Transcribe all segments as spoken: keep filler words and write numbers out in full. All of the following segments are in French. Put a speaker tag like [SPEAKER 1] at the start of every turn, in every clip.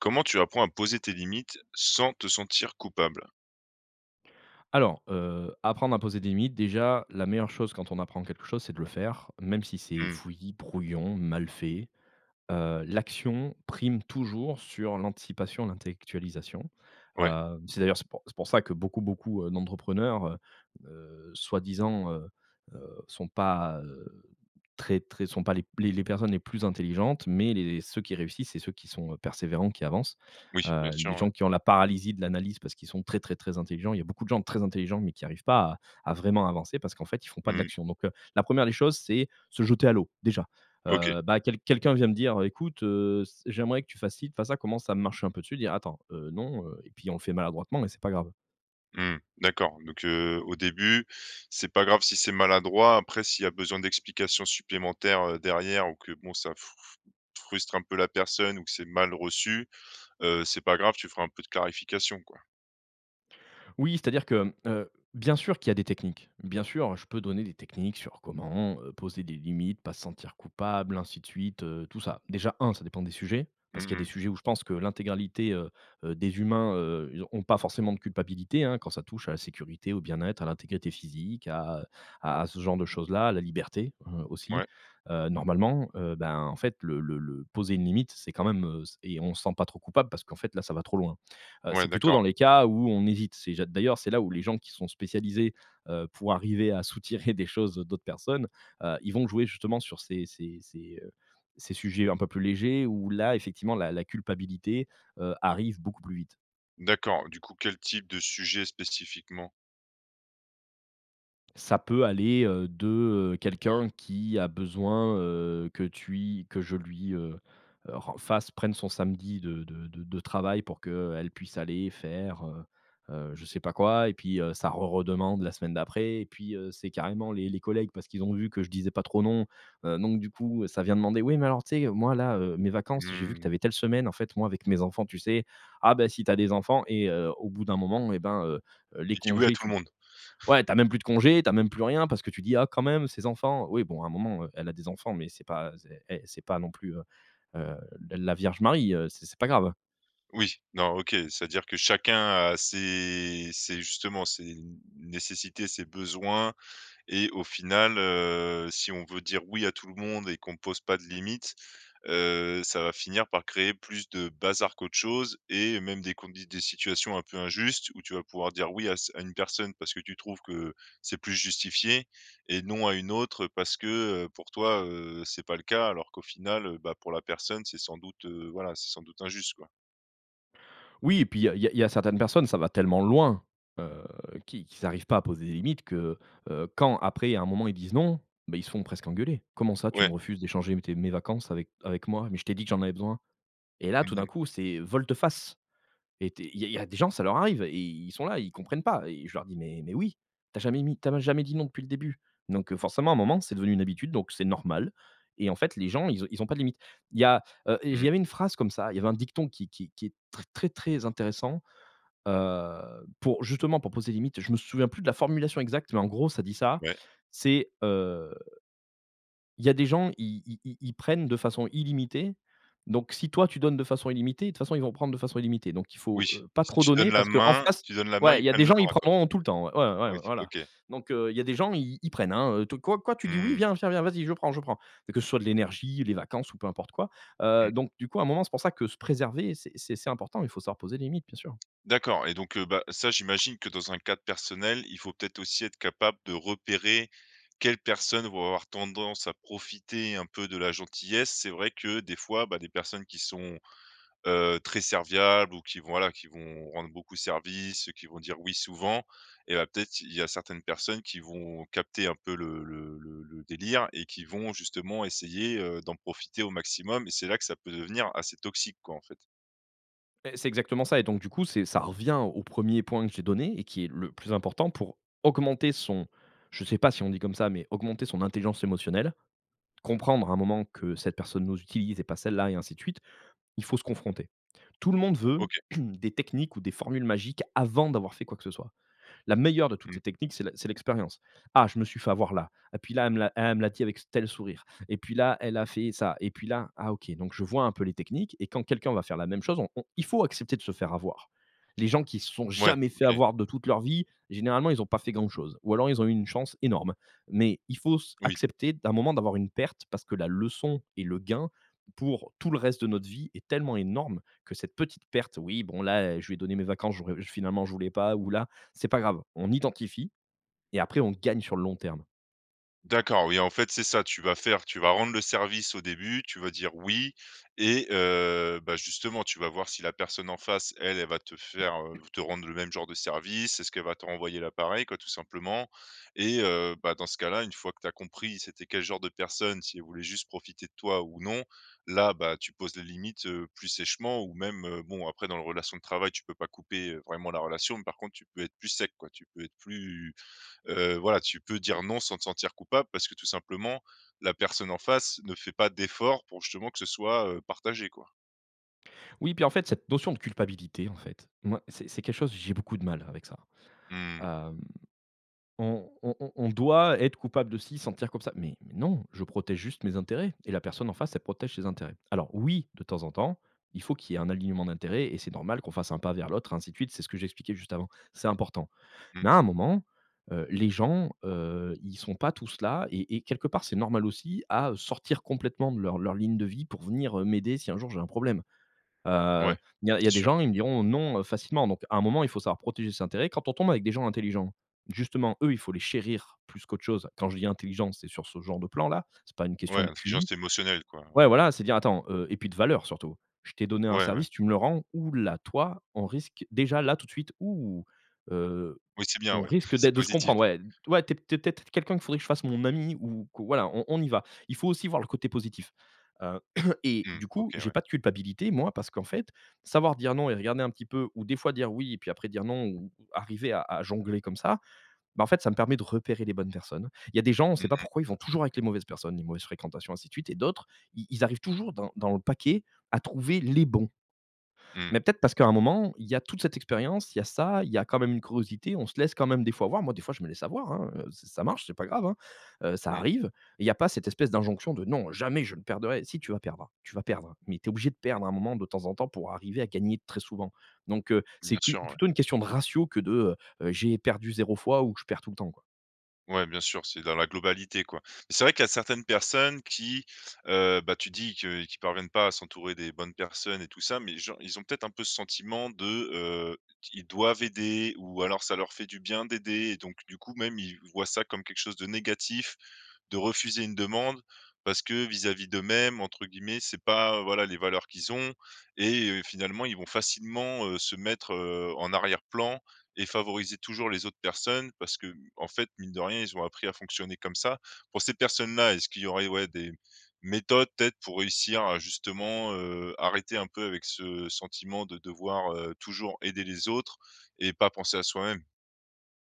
[SPEAKER 1] Comment tu apprends à poser tes limites sans te sentir coupable?
[SPEAKER 2] Alors, heu, apprendre à poser des limites déjà, la meilleure chose quand on apprend quelque chose, c'est de le faire, même si c'est
[SPEAKER 1] Mmh.
[SPEAKER 2] fouillis, brouillon, mal fait, heu, l'action prime toujours sur l'anticipation, l'intellectualisation,
[SPEAKER 1] Ouais.
[SPEAKER 2] heueu, c'est d'ailleurs, c'est pour c'est pour ça que beaucoup, beaucoup, heu, d'entrepreneurs, heu heu, soi-disant, heu heu, sont pas, heu, très très sont pas les p les les personnes les plus intelligentes, mais les ceux qui réussissent c'est ceux qui sont, heu, persévérants, qui avancent,
[SPEAKER 1] Oui, bien
[SPEAKER 2] heu,
[SPEAKER 1] sûr,
[SPEAKER 2] les
[SPEAKER 1] ouais.
[SPEAKER 2] gens qui ont la paralysie de l'analyse parce qu'ils sont très, très, très intelligents. Il y a beaucoup de gens très intelligents mais qui arrivent pas à à vraiment avancer parce qu'en fait ils font pas de
[SPEAKER 1] Mmh.
[SPEAKER 2] l'action. Donc, heu, la première des choses, c'est se jeter à l'eau, déjà,
[SPEAKER 1] OK.
[SPEAKER 2] heu, bah, quel quelqu'un vient me dire: «Heu, écoute, heu, s j'aimerais que tu fasses ci, tu fasses ça, comment ça marche un peu?» tu dis: «Attends, heu, non, heu» et puis on fait maladroitement mais c'est pas grave.
[SPEAKER 1] Mmh mh. D'accord donc, heu, au début c'est pas grave si c'est maladroit, après s'il y a besoin d'explications supplémentaires, heu, derrière ou que bon ça f f frustre un peu la personne ou que c'est mal reçu, heu, c'est pas grave, tu feras un peu de clarification quoi?
[SPEAKER 2] Oui, c'est-à-dire que, hem, heu, bien sûr qu'il y a des techniques. Bien sûr, heu, je peux donner des techniques sur comment, heu, poser des limites, pas se sentir coupable, ainsi de suite, heu, tout ça. Déjà un, ça dépend des sujets, parce
[SPEAKER 1] Mmh
[SPEAKER 2] qu'il y a des
[SPEAKER 1] mh.
[SPEAKER 2] sujets où je pense que l'intégralité, heu, heu, des humains, heu, ils ont ont pas forcément de culpabilité, hein, quand ça touche à la sécurité, au bien-être, à l'intégrité physique, à à à ce genre de choses-là, la liberté, heu, aussi.
[SPEAKER 1] Ouais.
[SPEAKER 2] Heu, normalement, heu, ben en fait, le le le poser une limite, c'est quand même, heu et on se sent pas trop coupable parce qu'en fait, là, ça va trop loin. Heu,
[SPEAKER 1] Ouais,
[SPEAKER 2] c'est plutôt
[SPEAKER 1] d'accord.
[SPEAKER 2] dans les cas où, on hésite. C'est ja d'ailleurs, c'est là où les gens qui sont spécialisés, heu, pour arriver à soutirer des choses à d'autres personnes, heu, ils vont jouer justement sur ces ces ces, heu, ces sujets un peu plus légers, où là effectivement la la culpabilité, heu, arrive beaucoup plus vite.
[SPEAKER 1] D'accord, du coup quel type de sujet spécifiquement?
[SPEAKER 2] Ça peut aller, heu, de, heu, quelqu'un qui a besoin, heu, que tui que je lui, heu, ren fasse prenne son samedi de de de travail pour que, heu, elle puisse aller faire, heu, heu, je sais pas quoi et puis, heu, ça re redemande la semaine d'après et puis, heu, c'est carrément les les collègues, parce qu'ils ont vu que je disais pas trop non, heu, donc du coup ça vient demander: «Ouais, mais alors tu sais, moi là, heu, mes vacances, j'ai vu que tu
[SPEAKER 1] Mmh.
[SPEAKER 2] avais telle semaine, en fait moi avec mes enfants, tu sais?» ah ben, si tu as des enfants et heu, au bout d'un moment et ben, heu, heu, les
[SPEAKER 1] Tu dis: «Oui» à
[SPEAKER 2] congés
[SPEAKER 1] tout le
[SPEAKER 2] tu
[SPEAKER 1] monde.
[SPEAKER 2] ouais tu as même plus de congés, tu as même plus rien parce que tu dis: «Ah, quand même ses enfants», oui, bon à un moment, heu, elle a des enfants mais c'est pas c'est et c'est pas non plus, heu, heu, l la Vierge Marie, heu. C'est c'est pas grave.
[SPEAKER 1] Oui, non, OK. C'est-à-dire que chacun a ses ses justement, ses n nécessités, ses besoins et au final, heu, si on veut dire oui à tout le monde et qu'on pose pas de limites, heu, ça va finir par créer plus de bazar qu'autre chose et même des condi des situations un peu injustes, où tu vas pouvoir dire oui à ce à une personne parce que tu trouves que, c'est plus justifié, et non à une autre parce que, heu, pour toi, heu, c'est pas le cas, alors qu'au final, heu, bah pour la personne c'est sans doute, heu, voilà, c'est sans doute injuste, quoi.
[SPEAKER 2] Oui et puis il y a il y a certaines personnes, ça va tellement loin. Heu, qu'ils qu'ils arrivent pas à poser des limites que, heu, quand après à un moment ils disent non, ben ils se font presque engueulés: «Comment ça tu me
[SPEAKER 1] Ouais.
[SPEAKER 2] refuses d'échanger tes mes vacances avec avec moi, mais je t'ai dit que j'en avais besoin!» et là tout
[SPEAKER 1] Mmh
[SPEAKER 2] d'un
[SPEAKER 1] mh.
[SPEAKER 2] coup c'est, heu, volte-face. Et tu es, il y a il y a des gens ça leur arrive et ils sont là, ils comprennent pas et je leur dis: «Mais mais oui, tu as jamais mis tu as jamais dit non depuis le début, donc heu, forcément à un moment, c'est devenue une habitude, donc c'est normal» et en fait les gens, ils ont ils ont pas de limite. Il y a heu, il y
[SPEAKER 1] Mmh.
[SPEAKER 2] avait une phrase comme ça, il y avait un dicton qui qui qui est très très très intéressant, heu, pour justement, pour poser les limites. Je me souviens plus de la formulation exacte, mais en gros ça dit ça,
[SPEAKER 1] Ouais.
[SPEAKER 2] c'est, heu: «Il y a des gens, ils ils ils ils prennent de façon illimitée, donc si toi tu donnes de façon illimitée, de toute façon, ils vont prendre de façon illimitée», donc il
[SPEAKER 1] Oui.
[SPEAKER 2] faut, heu, pas
[SPEAKER 1] Si
[SPEAKER 2] trop
[SPEAKER 1] tu donnes
[SPEAKER 2] donner,
[SPEAKER 1] la
[SPEAKER 2] parce qu'en
[SPEAKER 1] main
[SPEAKER 2] face
[SPEAKER 1] tu donnes la main,
[SPEAKER 2] ouais,
[SPEAKER 1] ils
[SPEAKER 2] il
[SPEAKER 1] te
[SPEAKER 2] y a
[SPEAKER 1] prennent
[SPEAKER 2] des
[SPEAKER 1] le
[SPEAKER 2] gens ils
[SPEAKER 1] bras, quoi.
[SPEAKER 2] prendront tout le temps ouais, ouais, ouais, ouais,
[SPEAKER 1] OK
[SPEAKER 2] voilà.
[SPEAKER 1] OK.
[SPEAKER 2] Donc heu, il y a des gens, ils ils prennent, hein, tout: «Quoi? Quoi? Tu dis oui?
[SPEAKER 1] Mmh.
[SPEAKER 2] Viens, viens, viens, vas-y je prends, je prends!» que ce soit de l'énergie, les vacances ou peu importe quoi. Heu,
[SPEAKER 1] Mmh.
[SPEAKER 2] donc du coup, à un moment, c'est pour ça que se préserver c'est c'est c'est important. Il faut savoir poser des limites, bien sûr.
[SPEAKER 1] D'accord et donc heu, ben, ça j'imagine que dans un cadre personnel, il faut peut-être aussi être capable de repérer, quelles personnes vont avoir tendance à profiter un peu de la gentillesse. C'est vrai que des fois, ben des personnes qui sont, heu, très serviables ou qui, voilà, qui vont rendre beaucoup service, qui vont dire oui souvent, et ben peut-être, il y a certaines personnes qui vont capter un peu le le le le délire. Et qui vont justement essayer, heu, d'en profiter au maximum et c'est là que ça peut devenir assez toxique, quoi, en fait?
[SPEAKER 2] Et c'est exactement ça et donc du coup, c'est ça revient au premier point que j'ai donné, et qui est le plus important pour augmenter son je sais pas si on dit comme ça, mais augmenter son intelligence émotionnelle. Comprendre à un moment que cette personne nous utilise et pas celle-là et ainsi de suite, il faut se confronter. Tout le monde veut,
[SPEAKER 1] OK.
[SPEAKER 2] des techniques ou des formules magiques avant d'avoir fait quoi que ce soit. La meilleure de toutes
[SPEAKER 1] Mmh.
[SPEAKER 2] les techniques c'est l'ex c'est l'expérience, «Ah je me suis fait avoir là et puis là elle me l'a elle me l'a dit avec ce tel sourire. Et puis là, elle a fait ça et puis là ah OK», donc je vois un peu les techniques et quand quelqu'un va faire la même chose on on, il faut accepter de se faire avoir. Les gens qui se sont
[SPEAKER 1] Ouais,
[SPEAKER 2] jamais fait
[SPEAKER 1] OK.
[SPEAKER 2] avoir de toute leur vie, généralement ils ont pas fait grand chose, ou alors ils ont eu une chance énorme. Mais il faut se
[SPEAKER 1] Oui.
[SPEAKER 2] accepter à un moment d'avoir une perte parce que la leçon et le gain pour, tout le reste de notre vie est tellement énorme, que cette petite perte. «Oui, bon là, heu, je lui ai donné mes vacances j'aurais finalement, je voulais pas ou la», c'est pas grave, on identifie et après on gagne sur le long terme.
[SPEAKER 1] D'accord, oui en fait c'est ça, tu vas faire tu vas rendre le service au début. Tu vas dire oui et, heu, ben justement, tu vas voir si la personne en face elle, elle va te faire, heu, te rendre le même genre de service, est-ce qu'elle va te renvoyer la pareille, quoi, tout simplement. Et heu, ben dans ce cas-là, une fois que tu as compris, c'était quel genre de personne, si elle voulait juste profiter de toi ou non, là, ben tu poses les limites, heu, plus sèchement ou même, heu, bon, après dans le relation de travail tu peux pas couper, heu, vraiment la relation, mais par contre tu peux être plus sec, quoi. Tu peux être plus, heu, voilà, tu peux dire non sans te sentir coupable parce que tout simplement, la personne en face ne fait pas d'efforts pour justement que ce soit, heu, partagé, quoi.
[SPEAKER 2] Oui, puis en fait, cette notion de culpabilité, en fait, moi c'est c'est quelque chose j'ai beaucoup de mal avec ça.
[SPEAKER 1] Mmh.
[SPEAKER 2] Hem, on on on on doit être coupable de ci, se sentir comme ça. Mais mais non, je protège juste mes intérêts et la personne en face, elle protège ses intérêts. Alors, oui de temps en temps, il faut qu'il y ait un alignement d'intérêt et c'est normal qu'on fasse un pas vers l'autre, ainsi de suite, c'est ce que j'expliquais juste avant. C'est important.
[SPEAKER 1] Mmh.
[SPEAKER 2] Mais à un moment, heu, les gens, heu, ils sont pas tous là et et quelque part c'est normal aussi, à, heu, sortir complètement de leur leur ligne de vie pour venir, heu, m'aider si un jour j'ai un problème.
[SPEAKER 1] Ouais.
[SPEAKER 2] Heu, il y a il y
[SPEAKER 1] C'est
[SPEAKER 2] a des
[SPEAKER 1] sûr.
[SPEAKER 2] gens, ils me diront: «Non», heu, facilement, donc à un moment il faut savoir protéger ses intérêts. Quand on tombe avec des gens intelligents, justement eux, il faut les chérir plus qu'autre chose, quand je dis intelligent, c'est sur ce genre de plan-là, c'est pas une
[SPEAKER 1] Ouais,
[SPEAKER 2] question de
[SPEAKER 1] l'intelligence
[SPEAKER 2] QI.
[SPEAKER 1] émotionnelle, quoi.
[SPEAKER 2] Ouais,
[SPEAKER 1] Ouais.
[SPEAKER 2] voilà, c'est dire attends heu et puis de valeurs surtout, je t'ai donné un
[SPEAKER 1] Ouais, ouais.
[SPEAKER 2] service, tu me le rends, où là toi, on risque déjà là tout de suite, ou, heu,
[SPEAKER 1] Oui, c'est bien,
[SPEAKER 2] on
[SPEAKER 1] ouais.
[SPEAKER 2] risque
[SPEAKER 1] C'est
[SPEAKER 2] d'être de se
[SPEAKER 1] positif.
[SPEAKER 2] comprendre, ouais. Ouais, tu es tu es peut-être quelqu'un, qu'il faudrait que je fasse mon ami, ou que voilà, on on y va. Il faut aussi voir le côté positif, heu et
[SPEAKER 1] Mmh.
[SPEAKER 2] du coup
[SPEAKER 1] OK,
[SPEAKER 2] j'ai
[SPEAKER 1] ouais.
[SPEAKER 2] pas de culpabilité moi, parce qu'en fait, savoir dire non et regarder un petit peu ou des fois dire oui et puis après dire non, ou ou arriver à à jongler comme ça, ben en fait ça me permet de repérer les bonnes personnes. Il y a des gens, on
[SPEAKER 1] Mmh
[SPEAKER 2] sait pas
[SPEAKER 1] mh.
[SPEAKER 2] pourquoi, ils vont toujours avec les mauvaises personnes, les mauvaises fréquentations, ainsi de suite. Et d'autres, ils ils arrivent toujours dans dans le paquet à trouver les bons.
[SPEAKER 1] Mmh.
[SPEAKER 2] Mais peut-être parce qu'à un moment, il y a toute cette expérience, il y a ça, il y a quand même une curiosité, on se laisse quand même des fois avoir, moi des fois je me laisse avoir, hein, heu, ç ç ça marche, c'est pas grave, hein, heu, ça
[SPEAKER 1] Mmh.
[SPEAKER 2] arrive. Il y a pas cette espèce d'injonction de, non jamais je ne perdrais, si tu vas perdre, tu vas perdre, mais tu es obligé de
[SPEAKER 1] Mmh.
[SPEAKER 2] perdre à un moment de temps en temps pour arriver à gagner très souvent. Donc heu,
[SPEAKER 1] Mmh,
[SPEAKER 2] c'est
[SPEAKER 1] bien
[SPEAKER 2] qu'u
[SPEAKER 1] sûr, ouais.
[SPEAKER 2] plutôt une question de ratio que de, heu, heu, j'ai perdu zéro fois, ou je perds tout le temps, quoi.
[SPEAKER 1] Ouais, bien sûr c'est dans la globalité, quoi. Mais c'est vrai qu'il y a certaines personnes qui, heu, ben tu dis que qu'ils parviennent pas à s'entourer des bonnes personnes et tout ça, mais gen ils ont peut-être un peu ce sentiment de, heu, ils doivent aider ou alors ça leur fait du bien d'aider et donc du coup, même ils voient ça comme quelque chose de négatif, de refuser une demande, parce que vis-à-vis d'eux-mêmes, entre guillemets, «c'est pas, heu, voilà, les valeurs qu'ils ont» et heu, finalement ils vont facilement, heu, se mettre, heu, en arrière-plan et favoriser toujours les autres personnes, parce que, en fait, mine de rien, ils ont appris à fonctionner comme ça. Pour ces personnes-là, est-ce qu'il y aurait, ouais, des méthodes peut-être pour réussir à justement, heu, arrêter un peu avec ce sentiment de devoir, heu, toujours aider les autres et pas penser à soi-même?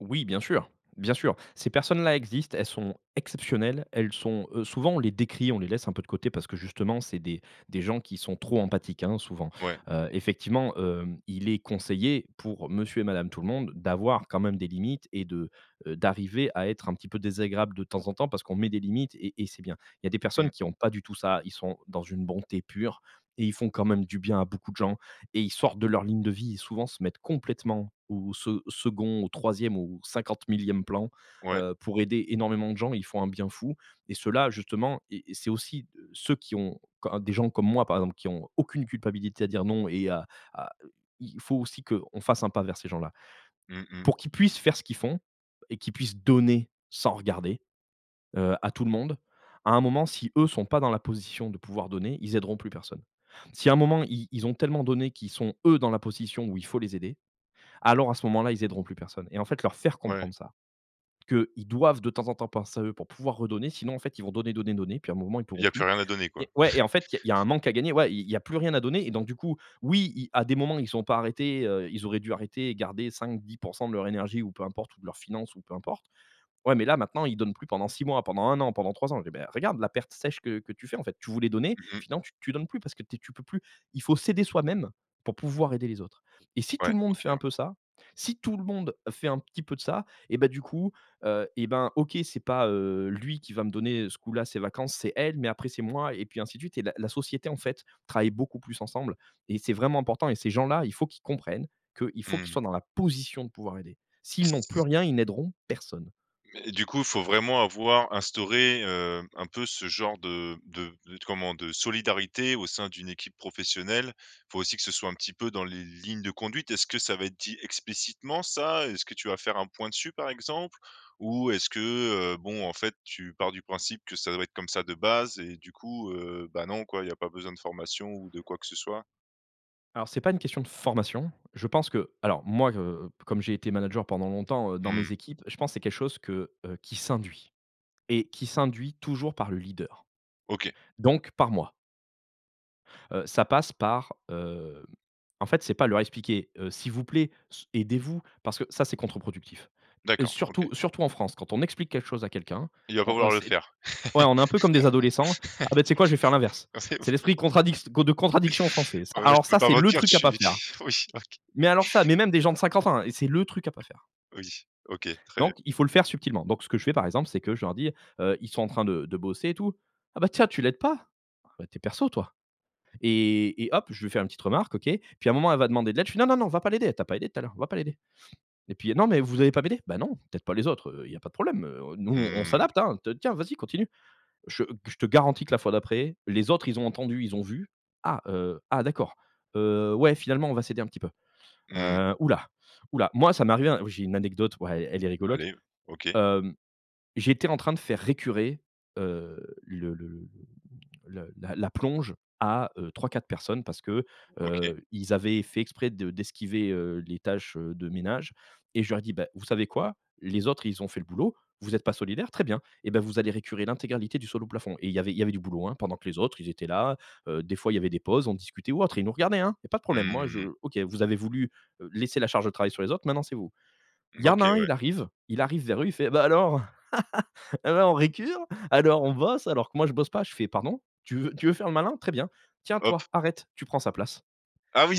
[SPEAKER 2] Oui, bien sûr, bien sûr. Ces personnes-là existent, elles sont exceptionnelles. Elles sont, heu, souvent on les décrie, on les laisse un peu de côté, parce que justement c'est des des gens qui sont trop empathiques, hein, souvent.
[SPEAKER 1] Ouais.
[SPEAKER 2] Heu, effectivement, hem, il est conseillé pour, monsieur et madame Tout-le-Monde d'avoir quand même des limites et de, heu, d'arriver à être un petit peu désagréable de temps en temps parce qu'on met des limites et et c'est bien. Il y a des personnes
[SPEAKER 1] Mmh.
[SPEAKER 2] qui ont pas du tout ça. Ils sont dans une bonté pure et ils font quand même du bien à beaucoup de gens et ils sortent de leur ligne de vie et souvent se mettent complètement au se second, au troisième ou au cinquante-millième plan,
[SPEAKER 1] Ouais.
[SPEAKER 2] heu, pour aider énormément de gens, ils font un bien fou, et ceux-là justement, et et c'est aussi ceux qui ont co des gens comme moi par exemple qui ont aucune culpabilité à dire non, et à à il faut aussi qu'on fasse un pas vers ces gens-là.
[SPEAKER 1] Mmh mh.
[SPEAKER 2] Pour qu'ils puissent faire ce qu'ils font et qu'ils puissent donner, sans regarder, heu, à tout le monde. À un moment si eux sont pas dans la position de pouvoir donner, ils aideront plus personne. Si à un moment ils ils ont tellement donné, qu'ils sont eux dans la position où il faut les aider, alors à ce moment-là, ils aideront plus personne. Et en fait leur faire
[SPEAKER 1] Ouais.
[SPEAKER 2] comprendre ça, qu'ils doivent de temps en temps penser à eux pour pouvoir redonner, sinon en fait ils vont donner, donner, donner, puis à un moment ils pourront
[SPEAKER 1] Il y a plus
[SPEAKER 2] plus.
[SPEAKER 1] rien à donner,
[SPEAKER 2] Et
[SPEAKER 1] quoi.
[SPEAKER 2] ouais et en fait il y a il y a un manque à gagner, ouais, il il y a plus rien à donner et donc du coup, oui ils à des moments ils ont pas arrêté, heu, ils auraient dû arrêter et garder cinq-dix pour cent de leur énergie ou peu importe ou de leurs finances ou peu importe, ouais, mais là maintenant, ils donnent plus pendant six mois, pendant un an, pendant trois ans. Eh ben, regarde la perte sèche que que tu fais en fait, tu voulais donner et
[SPEAKER 1] Mmh mh.
[SPEAKER 2] finalement tu donnes plus parce que tu es tu peux plus. Il faut s'aider soi-même, pour pouvoir aider les autres. Et si tout
[SPEAKER 1] Ouais.
[SPEAKER 2] le monde
[SPEAKER 1] OK,
[SPEAKER 2] fait un
[SPEAKER 1] ouais.
[SPEAKER 2] peu ça, si tout le monde fait un petit peu de ça et ben du coup, heu, et ben, OK, c'est pas, heu, lui qui va me donner ce coup-là ses vacances, c'est elle, mais après c'est moi et puis ainsi de suite et la la société en fait travaille beaucoup plus ensemble et c'est vraiment important et ces gens-là, il faut qu'ils comprennent, qu'ils faut qu'ils
[SPEAKER 1] Mmh.
[SPEAKER 2] soient dans la position de pouvoir aider. S'ils n'ont plus rien, ils n'aideront personne.
[SPEAKER 1] Mais, et du coup faut vraiment avoir instauré, hem, un peu ce genre de de de comment, de solidarité au sein d'une équipe professionnelle, faut aussi que ce soit un petit peu dans les lignes de conduite. Est-ce que ça va être dit explicitement ça? Est-ce que tu vas faire un point dessus par exemple? Ou est-ce que, heu, bon en fait, tu pars du principe que ça doit être comme ça de base et du coup, heu, bah non quoi il y a pas besoin de formation ou de quoi que ce soit?
[SPEAKER 2] Alors c'est pas une question de formation, je pense que alors moi, heu, comme j'ai été manager pendant longtemps, heu, dans
[SPEAKER 1] Mmh.
[SPEAKER 2] mes équipes, je pense c'est quelque chose que, heu, qui s'induit et qui s'induit toujours par le leader.
[SPEAKER 1] OK.
[SPEAKER 2] Donc par moi heu, ça passe par, hem, en fait, c'est pas leur expliquer: «Heu, s'il vous plaît, s aidez-vous!» parce que ça c'est contre-productif. Heu,
[SPEAKER 1] D'accord,
[SPEAKER 2] surtout
[SPEAKER 1] OK.
[SPEAKER 2] surtout en France quand on explique quelque chose à quelqu'un,
[SPEAKER 1] Il va pas
[SPEAKER 2] on, heu,
[SPEAKER 1] vouloir le
[SPEAKER 2] c'est
[SPEAKER 1] faire.
[SPEAKER 2] ouais on est un peu comme des adolescents: «Ah beh tu sais quoi je vais faire l'inverse».
[SPEAKER 1] Ah ouais, ouais.
[SPEAKER 2] C'est l'esprit contradict con de contradiction français s
[SPEAKER 1] Ah ouais je
[SPEAKER 2] alors
[SPEAKER 1] peux
[SPEAKER 2] ça,
[SPEAKER 1] pas
[SPEAKER 2] c'est le
[SPEAKER 1] mentir je
[SPEAKER 2] truc à pas
[SPEAKER 1] suis,
[SPEAKER 2] faire.
[SPEAKER 1] oui, OK.
[SPEAKER 2] Mais alors ça, mais même des gens de cinquante ans hein, c'est le truc à pas faire
[SPEAKER 1] Oui, OK, très bien.
[SPEAKER 2] donc, il faut le faire subtilement, donc ce que je fais par exemple, c'est que je leur dis, heu, ils sont en train de de bosser et tout: «Ah bah tiens, tu l'aide pas? Bah, tu es perso toi» et et hop! Je vais faire une petite remarque, OK. Puis à un moment elle va demander de l'aide. Je fais: «Non, non, non va pas l'aider! Elle t'a pas aidé tout à l'heure, va pas l'aider» et puis: «Non mais vous allez pas m'aider? Ben non, tu aides pas les autres, heu, il y a pas de problème, heu, nous on on
[SPEAKER 1] Mmh.
[SPEAKER 2] s'adapte, hein. Te tiens vas-y continue». Je g je te garantis que la fois d'après, les autres ils ont entendu, ils ont vu: «Ah, heu, ah d'accord, heu, ouais finalement on va s'aider un petit peu,
[SPEAKER 1] Mmh.
[SPEAKER 2] heu. Ouh là ouh là!» moi ça m'est arrivé un j'ai une anecdote, ouais, elle est rigolote.
[SPEAKER 1] Allez, OK.
[SPEAKER 2] Hem, j'étais en train de faire récurer, heu, le le le le la la plonge à, heu, trois-quatre personnes, parce que,
[SPEAKER 1] OK.
[SPEAKER 2] heu, ils avaient fait exprès de d'esquiver, heu, les tâches, heu, de ménage et je leur dis: «Bah vous savez quoi? Les autres ils ont fait le boulot, vous êtes pas solidaire, très bien et beh, vous allez récurer l'intégralité du sol au plafond», et il y avait il y avait du boulot hein, pendant que les autres ils étaient là, heu, des fois il y avait des pauses, on discutait ou autre et ils nous regardaient hein. Il y a pas de problème, moi
[SPEAKER 1] Mmh.
[SPEAKER 2] je: «OK, vous avez voulu, heu, laisser la charge de travail sur les autres, maintenant c'est vous». Il
[SPEAKER 1] Mmh
[SPEAKER 2] y en a
[SPEAKER 1] OK,
[SPEAKER 2] un il
[SPEAKER 1] ouais.
[SPEAKER 2] arrive, il arrive vers eux, il fait: «Bah, alors! Et, alors on récure, alors on bosse, alors que moi je bosse pas». Je fais: «Pardon? Tu veux tu veux faire le malin, très bien. Tiens,
[SPEAKER 1] Hop.
[SPEAKER 2] toi, arrête. Tu prends sa place».
[SPEAKER 1] Ah, oui.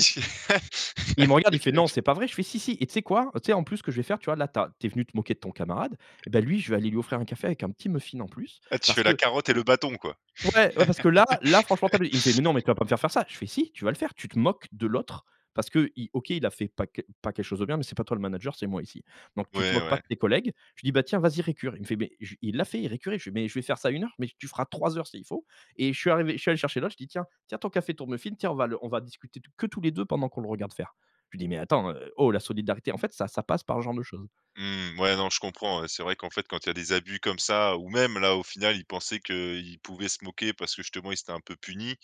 [SPEAKER 2] Et il me regarde il fait: «Non,
[SPEAKER 1] [unintelligible]
[SPEAKER 2] c'est pas vrai?» je fais: «Si, si, et tu sais quoi? Heu, tu sais en plus ce que je vais faire, tu vois là, tu as tu es venu te moquer de ton camarade et ben lui je vais aller lui offrir un café avec un petit muffin en plus.
[SPEAKER 1] Ah, tu
[SPEAKER 2] Parce
[SPEAKER 1] fais la
[SPEAKER 2] que
[SPEAKER 1] carotte et
[SPEAKER 2] l
[SPEAKER 1] le bâton, quoi.
[SPEAKER 2] ouais, ouais parce que là là franchement, t'abu» Il me fait: «Mais non mais tu vas pas me faire faire ça?» je fais: «Si, tu vas le faire. Tu te moques de l'autre parce qu'il, OK, il a fait pas que, pas quelque chose de bien mais c'est pas toi le manager, c'est moi ici. Donc tu te
[SPEAKER 1] Ouais,
[SPEAKER 2] moques pas
[SPEAKER 1] ouais.
[SPEAKER 2] de tes collègues». Je lui dis: «Bah, tiens vas-y récure». Il me fait: «Beh j» il l'a fait, il récurait. Je fais: «Mais je vais faire ça une heure? Mais tu feras trois heures s'il faut» et je suis arrivé, je suis allé chercher l'autre. Je dis: «Tiens, tiens, ton café, ton muffin, tiens on va le on va discuter t que tous les deux pendant qu'on le regarde faire». Je lui dis: «Mais attends, heu, oh! La solidarité en fait ça ça passe par ce genre de choses».
[SPEAKER 1] Mmh. Ouais, non, je comprends, heu, c'est vrai qu'en fait quand il y a des abus comme ça, ou même là au final il pensait qu'il pouvait se moquer parce que justement ils étaient un peu punis,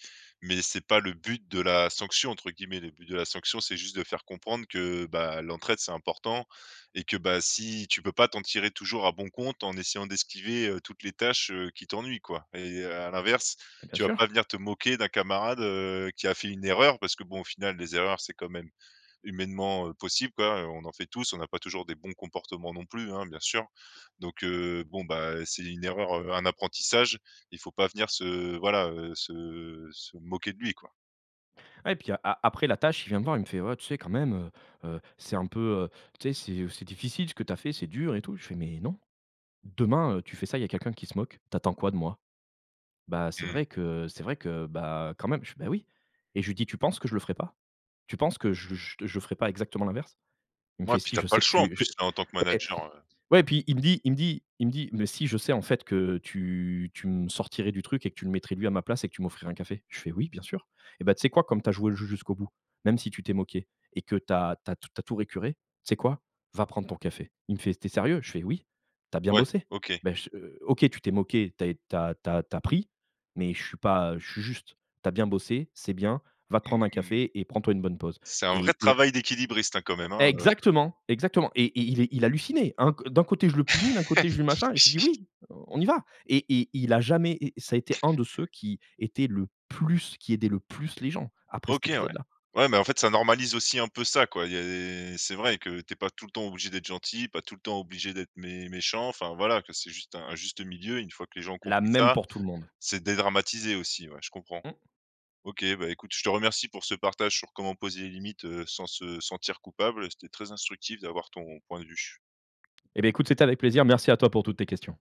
[SPEAKER 1] mais c'est pas le but de la «sanction» entre guillemets. Le but de la sanction, c'est juste de faire comprendre que, bah, l'entraide c'est important et que bah si tu peux pas t'en tirer toujours à bon compte en essayant d'esquiver, heu, toutes les tâches, heu, qui t'ennuient quoi et à l'inverse,
[SPEAKER 2] Bah, bien
[SPEAKER 1] tu vas pas
[SPEAKER 2] sûr.
[SPEAKER 1] venir te moquer d'un camarade, heu, qui a fait une erreur parce que bon au final les erreurs c'est quand même humainement, heu, possible quoi, heu, on en fait tous. On a pas toujours des bons comportements non plus hein, bien sûr. Donc, heu, bon, bah, heu, c'est une erreur, heu, un apprentissage. Il faut pas venir se voilà, heu, se se moquer de lui, quoi.
[SPEAKER 2] Ouais, et puis, a après la tâche, il vient me voir, il me fait: «Ouais tu sais quand même, heu, heu, c'est un peu, heu, tu sais, c'est, heu, f c'est difficile ce que tu as fait, c'est dur et tout». Je fais: «Mais non, demain, heu, tu fais ça, il y a quelqu'un qui se moque, tu attends quoi de moi? Bah c'est
[SPEAKER 1] Mmh.
[SPEAKER 2] vrai que, c'est vrai que, bah quand même». Je fais: «Beh oui» et je lui dis: «Tu penses que je le ferais pas? Tu penses que j j j je ferais pas exactement l'inverse?» il me fait:
[SPEAKER 1] Ouais, puis
[SPEAKER 2] «Si
[SPEAKER 1] tu as
[SPEAKER 2] je
[SPEAKER 1] pas
[SPEAKER 2] sais
[SPEAKER 1] le
[SPEAKER 2] que
[SPEAKER 1] choix en
[SPEAKER 2] tu je»
[SPEAKER 1] plus en tant que
[SPEAKER 2] ouais,
[SPEAKER 1] manager, heu
[SPEAKER 2] ouais et puis il me dit il me dit il me dit: «Mais si je sais en fait que tu tu me sortirais du truc et que tu le mettrais lui à ma place et que tu m'offrirais un café». Je fais: «Oui bien sûr, et ben tu sais quoi comme tu as joué le jeu jusqu'au bout même si tu t'es moqué et que tu as tu as t tu as tout récuré. Tu sais quoi? Va prendre ton café». Il me fait: «Tu es sérieux?» je fais: «Oui, tu as bien
[SPEAKER 1] Ouais,
[SPEAKER 2] bossé,
[SPEAKER 1] OK.
[SPEAKER 2] beh ch heu. OK tu t'es moqué tu as ét tu as tu as tu as pris mais je suis pas, heu, je suis juste. Tu as bien bossé, c'est bien, va te prendre un
[SPEAKER 1] Mmh.
[SPEAKER 2] café et prends toi une bonne pause»
[SPEAKER 1] C'est un vrai
[SPEAKER 2] et et un
[SPEAKER 1] travail d'équilibriste hein, quand même, hein, heu
[SPEAKER 2] Exactement! Exactement! Et et il est, il hallucinait. Un c d'un côté je le punis, d'un côté je lui machin. Je lui dit:
[SPEAKER 1] Oui.
[SPEAKER 2] «Oui! On y va» et et, il a jamais, et ça a été un de ceux qui était le plus qui aidait le plus les gens après cet
[SPEAKER 1] OK, ouais.
[SPEAKER 2] épisode-là.
[SPEAKER 1] Ouais, mais en fait ça normalise aussi un peu ça quoi, il y a et c'est vrai que t'es pas tout le temps obligé d'être gentil, pas tout le temps obligé d'être mé méchant. Enfin voilà que, c'est juste un un juste milieu, une fois que les gens ont
[SPEAKER 2] La
[SPEAKER 1] compris
[SPEAKER 2] même,
[SPEAKER 1] ça,
[SPEAKER 2] pour tout le monde.
[SPEAKER 1] c'est dédramatisé aussi, ouais je comprends.
[SPEAKER 2] Mmh.
[SPEAKER 1] OK, bah écoute je te remercie pour ce partage sur comment poser les limites, heu, sans se sentir coupable c'était très instructif d'avoir ton point de vue.
[SPEAKER 2] Et beh, écoute c'était avec plaisir, merci à toi pour toutes tes questions.